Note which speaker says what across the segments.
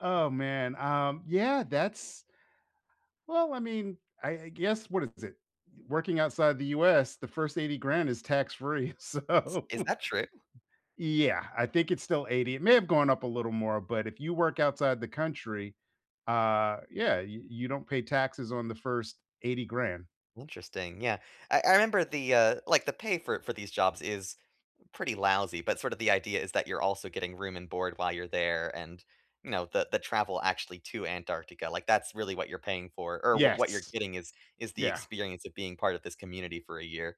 Speaker 1: Oh, man. Um, yeah. That's well, I mean, I I guess what is it? Working outside the US, the first 80 grand is tax-free.
Speaker 2: S
Speaker 1: So
Speaker 2: is that true?
Speaker 1: Yeah. I think it's still 80. It may have gone up a little more, but if you work outside the country, uh, yeah, you you don't pay taxes on the first 80 grand.
Speaker 2: Interesting. Yeah. I I remember the, uh, like, the pay for for these jobs is pretty lousy, but sort of the idea is that you're also getting room and board while you're there and, you know, the the travel actually to Antarctica. Like, that's really what you're paying for. Or what what you're
Speaker 1: Yes.
Speaker 2: getting is is the
Speaker 1: Yeah.
Speaker 2: experience of being part of this community for a year.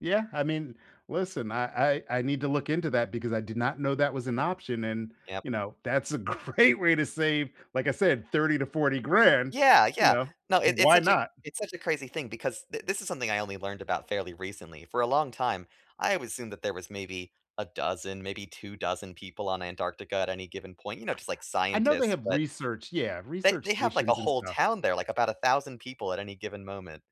Speaker 1: Yeah. I mean, listen. I I I need to look into that because I did not know that was an option and,
Speaker 2: Yep.
Speaker 1: you know, that's a great way to save, like I said, 30 to 40 grand,
Speaker 2: Yeah.
Speaker 1: you
Speaker 2: Yeah.
Speaker 1: know,
Speaker 2: No. It it's
Speaker 1: why
Speaker 2: such a
Speaker 1: not?
Speaker 2: it's such a crazy thing because th this is something I only learned about fairly recently. For a long time, I wou assumed that there was maybe a dozen, maybe 2 dozen people on Antarctica at any given point, you know, just like
Speaker 1: I know they
Speaker 2: scientists.
Speaker 1: have
Speaker 2: But
Speaker 1: research, yeah,
Speaker 2: They
Speaker 1: research
Speaker 2: they have like a
Speaker 1: stations and
Speaker 2: whole
Speaker 1: stuff.
Speaker 2: town there, like about 1000 people at any given moment.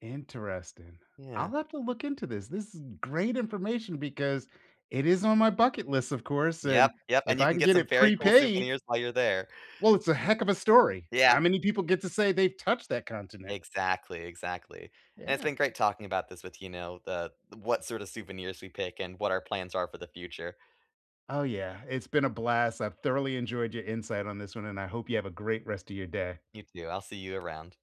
Speaker 1: Interesting. I'll
Speaker 2: Yeah.
Speaker 1: have to look into this. This is great information because it is on my bucket list, of course,
Speaker 2: Yep.
Speaker 1: and
Speaker 2: Yep.
Speaker 1: if
Speaker 2: And you
Speaker 1: I
Speaker 2: can
Speaker 1: can
Speaker 2: get
Speaker 1: get
Speaker 2: some
Speaker 1: it
Speaker 2: very cool
Speaker 1: prepaid
Speaker 2: souvenirs while you're there.
Speaker 1: Well, it's a heck of a story.
Speaker 2: Yeah.
Speaker 1: How many people get to say they've touched that continent?
Speaker 2: Exactly. Exactly. And it's
Speaker 1: Yeah.
Speaker 2: been great talking about this with, you know, the what sort of souvenirs we pick and what our plans are for the future.
Speaker 1: Oh, yeah. It's been a blast. I've thoroughly enjoyed your insight on this one, and I hope you have a great rest of your day.
Speaker 2: You too. I'll see you around.